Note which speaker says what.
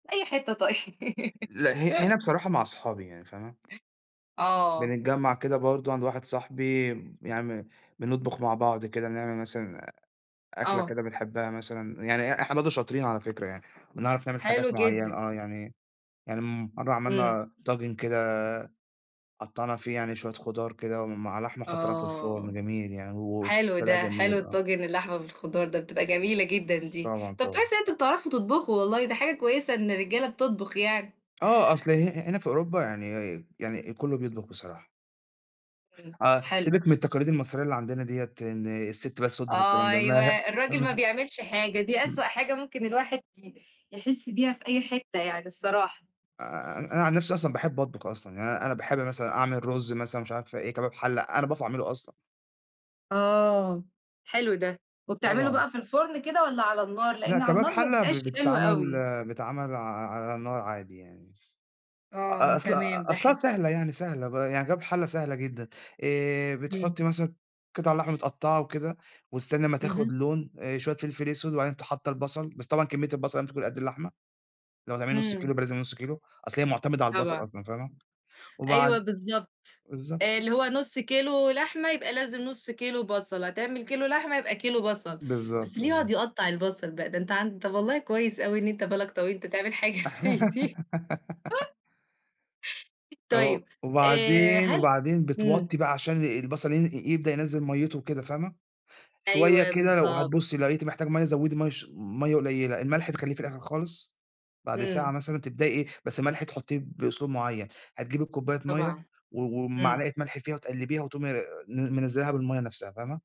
Speaker 1: أي حتّة طيب.
Speaker 2: لأ، ه هنا بصراحة مع اصحابي يعني، فاهمة؟
Speaker 1: آه.
Speaker 2: بنتجمّع كده برضه عند واحد صاحبي م يعني بنطبُخ مع بعض كده نعمل مثلًا أكلة
Speaker 1: آه.
Speaker 2: كده بنحبّها مثلًا. يعني إ إحنا برضه شاطرين على فكرة يعني، بنعرف نعمل
Speaker 1: حلو
Speaker 2: حاجات معيّنة،
Speaker 1: جدًا.
Speaker 2: آه، يعني يعني مرّة
Speaker 1: إمم.
Speaker 2: عملنا طاجن كده قطّعنا فيه يعني شوية خُضار كده ومع لحمة وحطّيناها في الفرن،
Speaker 1: آه.
Speaker 2: جميل يعني
Speaker 1: حلو
Speaker 2: وطلع
Speaker 1: ده، حلو
Speaker 2: جميل، آه.
Speaker 1: الطاجن اللحمة بالخُضار ده بتبقى جميلة جدًا دي.
Speaker 2: طبعًا،
Speaker 1: طَب
Speaker 2: طبعًا.
Speaker 1: كويس إن أنتم بتعرفوا تطبُخوا والله دي حاجة كويسة إن الرجالة بتطبُخ يعني
Speaker 2: آه، أصل ه-هنا في أوروبا يعني يعني كُلّه بيطبُخ بصراحة.
Speaker 1: إمم،
Speaker 2: آه،
Speaker 1: حلو.
Speaker 2: سيبِك من التقاليد المصرية اللي عندنا ديّة، إن السِت بس تطبُخ والكلام ده ما
Speaker 1: أيوة،
Speaker 2: هأ
Speaker 1: الراجل ما
Speaker 2: اهم.
Speaker 1: بيعملش حاجة، دي أسوأ
Speaker 2: إمم.
Speaker 1: حاجة ممكن الواحد ي يحِس بيها في أي حتّة يعني الصراحة.
Speaker 2: آآ أن أنا عن نَفْسي أصلًا باحب أطبُخ أصلًا. يعني أنا أنا باحب مثلًا أعمل الرُز مثلًا مش عارفة إيه، كباب حلة، أنا باعرف أعمله أصلًا.
Speaker 1: آه، حلو ده. وبتعمله
Speaker 2: طبعًا.
Speaker 1: بقى في الفُرن كده والّا على النار،
Speaker 2: لأ،
Speaker 1: لإن على
Speaker 2: كباب
Speaker 1: النار ما
Speaker 2: حَلة ب
Speaker 1: بيبقاش حلو
Speaker 2: بيتعمل
Speaker 1: أوي؟
Speaker 2: بيتعمل ع ع على النار عادي يعني مش أ
Speaker 1: آه،
Speaker 2: أصل
Speaker 1: تمام،
Speaker 2: أ
Speaker 1: ده
Speaker 2: أصلها
Speaker 1: حلو.
Speaker 2: سهلة يعني سهلة ب يعني كباب حَلة سهلة جدًا. آآ
Speaker 1: إمم.
Speaker 2: بتحُطّي مثلًا قِطَع اللحمة متقطّعة وكده، وتستني أمّا
Speaker 1: اهم.
Speaker 2: تاخُد لون، آآ شوية فلفل أسود وبعدين ت حاطّة البَصَل، بس طبعًا كمّية البَصَل لازم تكون قد اللحمة. لو هتعملي نُص كيلو
Speaker 1: إمم.
Speaker 2: يبقى لازم نُص كيلو، أصل هي مُعتمدة على البَصَل
Speaker 1: طبعًا.
Speaker 2: أصلًا، فاهمة؟
Speaker 1: أيوه
Speaker 2: وبعد
Speaker 1: بالضبط. آآ
Speaker 2: بالضبط.
Speaker 1: اللي هو نُص كيلو لحمة يبقى لازم نُص كيلو بَصَل، هتعمل كيلو لحمة يبقى كيلو بَصَل. بس
Speaker 2: بالضبط،
Speaker 1: اللي يقعُد
Speaker 2: بالضبط.
Speaker 1: يقطّع البَصَل بقى، ده أنت عن طَب والله كويس أوي إن أنت بالك طويل، أنت تعمل حاجة زي دي.
Speaker 2: آه،
Speaker 1: طيب، آآ
Speaker 2: وبعدين
Speaker 1: هل
Speaker 2: وبعدين
Speaker 1: إمم.
Speaker 2: بتوطّي بقى عشان ال البَصَل ين يبدأ ينزل مَيِّته وكده، فاهمة، شوية
Speaker 1: أيوه
Speaker 2: كده لو
Speaker 1: بالضبط.
Speaker 2: هتبُصّي لقيتِ محتاج مَيَّة زوّدي مَيَّة ش مَيَّة قليّلة، الملح تخلّيه في الآخِر خالص. بعد ساعة
Speaker 1: إمم.
Speaker 2: مثلًا تبدئي إيه، بس الملح تحُطّيه بأسلوب معيّن. هتجيبي الكوباية مَيَّة
Speaker 1: طبعًا.
Speaker 2: و
Speaker 1: إمم.
Speaker 2: وبمعلقة ملح فيها وتقلِّبيها وتقومي آآ ن منزّلاها بالمَيَّة نَفْسها، فاهمة؟